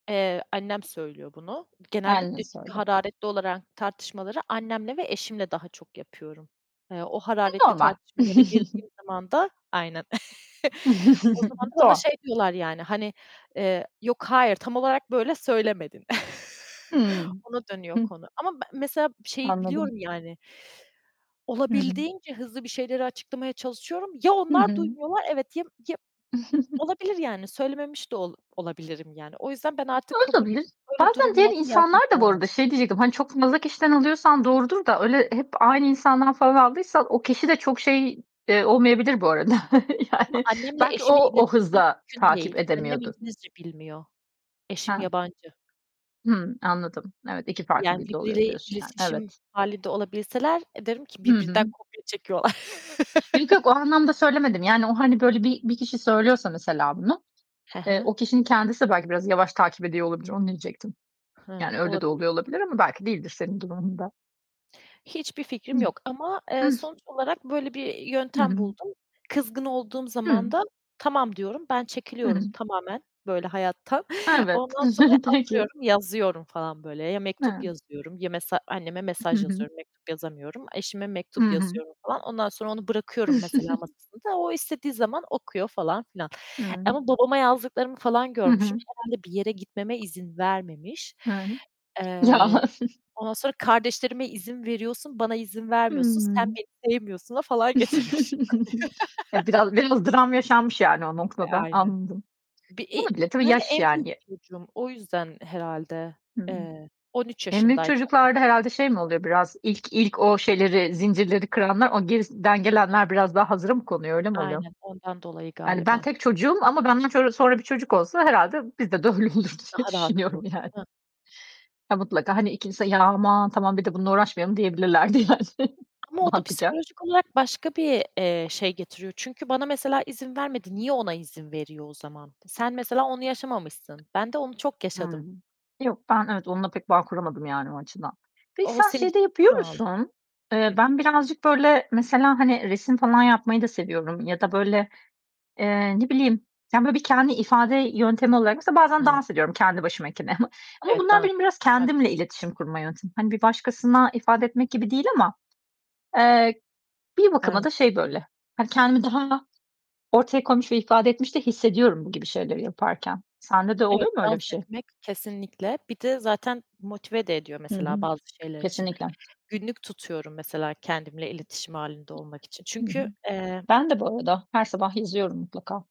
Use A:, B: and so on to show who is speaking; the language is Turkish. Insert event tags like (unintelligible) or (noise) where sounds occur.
A: Eee, annem söylüyor bunu.
B: Kendin
A: Genellikle çünkü
B: söyle.
A: hararetli olarak tartışmaları, annemle ve eşimle daha çok yapıyorum. Eee, o
B: E,
A: hararetli
B: normal.
A: tartışmalara girdiğim
B: (chuckles)
A: zaman da, aynen, (chuckles) o
B: (chuckles)
A: zaman da bana şey
B: (unintelligible)
A: diyorlar yani, hani, eee, "Yok hayır, tam olarak böyle söylemedin." (chuckles)
B: Hıı,
A: Ona dönüyor
B: hı.
A: konu ama be mesela şeyi
B: Anladım.
A: biliyorum yani
B: Hı hı.
A: olabildiğince hızlı bir şeyleri açıklamaya çalışıyorum. Ya
B: Hı
A: onlar
B: hı.
A: duymuyorlar, evet ya ya
B: (giggles)
A: olabilir yani söylememiş de ol olabilirim yani. O yüzden ben artık kabul et
B: Oladabilir.
A: Böyle
B: Bazen diğer
A: durumlarda
B: insanlar
A: yazmak.
B: da bu
A: Aynen.
B: arada şey diyecektim, hani çok (unintelligible) kişiden alıyorsan doğrudur da öyle hep aynı insandan falan aldıysan o kişi de çok şey, eee, olmayabilir bu arada (chuckles)
A: Ama
B: yani
A: annemle
B: belki o,
A: eşimin
B: o
A: iletişimi
B: hızla
A: mümkün
B: takip
A: değil. Annem
B: edemiyordur.
A: İngilizce bilmiyor. Eşim
B: He.
A: yabancı.
B: Hımm, anladım. Evet, 2 farklı
A: Yani
B: dilde oluyor
A: birbiriyle
B: diyorsun yani.
A: iletişim
B: Evet.
A: hâlinde olabilseler, eee, derim ki
B: Hı
A: birbirinden
B: hı.
A: kopya çekiyorlar.
B: Yok yok, o
A: (chuckles)
B: anlamda söylemedim yani, o hani böyle bir, bir kişi söylüyorsa mesela bunu,
A: Hı
B: eee,
A: hı.
B: o kişinin kendisi de belki biraz yavaş takip ediyor olabilir. Onu diyecektim.
A: Hımm,
B: Yani öyle de
A: olabilir.
B: oluyor olabilir ama belki değildir senin durumunda.
A: Hiçbir
B: Hı.
A: fikrim yok ama, eee,
B: Hıh.
A: sonuç olarak böyle bir
B: Hı
A: yöntem
B: hı.
A: buldum. Kızgın olduğum
B: Hı.
A: zaman da tamam diyorum, ben
B: Hı
A: çekiliyorum
B: hı.
A: tamamen böyle hayattan.
B: Evet,
A: Ondan sonra
B: (chuckles) peki.
A: oturuyorum, yazıyorum falan böyle, ya mektup
B: E
A: yazıyorum, ya mesela anneme
B: Hı
A: mesaj
B: hı.
A: yazıyorum, mektup yazamıyorum, eşime
B: Hı
A: mektup
B: hı.
A: yazıyorum falan. Ondan sonra onu bırakıyorum mesela
B: (chuckles)
A: masasında, o istediği zaman okuyor falan filan
B: Hı.
A: ama babama yazdıklarımı falan
B: Hı
A: görmüşüm,
B: hı.
A: herhâlde bir yere gitmeme izin vermemiş.
B: E Ya
A: Eee,
B: (chuckles)
A: ondan sonra kardeşlerime izin veriyorsun, bana izin vermiyorsun, sen
B: Hımm.
A: beni sevmiyorsun'a falan getirmişim.
B: (chuckles) Ya biraz,
A: (chuckles)
B: biraz dram yaşanmış yani o
A: E,
B: noktada.
A: aynen.
B: Anladım.
A: Bir, iii
B: Olabilir, tabii
A: Ben de
B: yaş
A: en büyük
B: yani.
A: çocuğum o yüzden herhâlde.
B: Hı.
A: Eee, 13
B: En büyük
A: yaşındayken.
B: çocuklarda herhâlde şey mi
A: (unintelligible)
B: oluyor biraz, ilk ilk o şeyleri, zincirleri kıranlar o gerisinden gelenler biraz daha hazıra mı konuyor, öyle mi oluyor?
A: Aynen, ondan dolayı
B: Yani ben
A: galiba.
B: tek çocuğum ama benden sonra bir çocuk olsa herhâlde bizde de öyle olur diye
A: Daha rahat
B: düşünüyorum
A: olurdu,
B: yani.
A: değil mi?
B: Ya mutlaka hani ikincisinde, ya aman tamam bir de bununla uğraşmayalım diyebilirlerdi yani
A: Ama o da
B: mantıken.
A: psikolojik olarak başka bir, eee, şey getiriyor. Çünkü bana mesela izin vermedi, niye ona izin veriyor o zaman? Sen mesela onu yaşamamışsın. Ben de onu çok yaşadım.
B: Hımm, yok, ben evet onunla pek bağ kuramadım yani o açıdan. Peki,
A: O,
B: sen
A: senin
B: şey de
A: için
B: yapıyor
A: kural.
B: musun? Eee,
A: Hıh.
B: ben birazcık böyle mesela, hani resim falan yapmayı da seviyorum ya da böyle, eee, ne bileyim, yani böyle bir kendi ifade yöntemi olarak, mesela bazen
A: Hıı.
B: dans ediyorum kendi başımayken ama
A: Evet,
B: bunlar
A: dans.
B: benim biraz
A: Şarkı
B: kendimle
A: (unintelligible)
B: iletişim kurma yöntemi. Hani bir başkasına ifade etmek gibi değil ama, eee, bir bakıma da
A: (unintelligible)
B: şey böyle, hani kendimi daha ortaya koymuş ve ifade etmiş de hissediyorum, bu gibi şeyleri yaparken. Sende de
A: Evet,
B: oluyor mu öyle
A: dans
B: bir şey?
A: etmek kesinlikle, bir de zaten motive de ediyor
B: Hı
A: mesela
B: hı.
A: bazı şeyler için.
B: Kesinlikle.
A: Günlük tutuyorum mesela kendimle iletişim halinde olmak için
B: Hı hı.
A: çünkü, eee
B: Ben de, bu arada, her sabah yazıyorum mutlaka.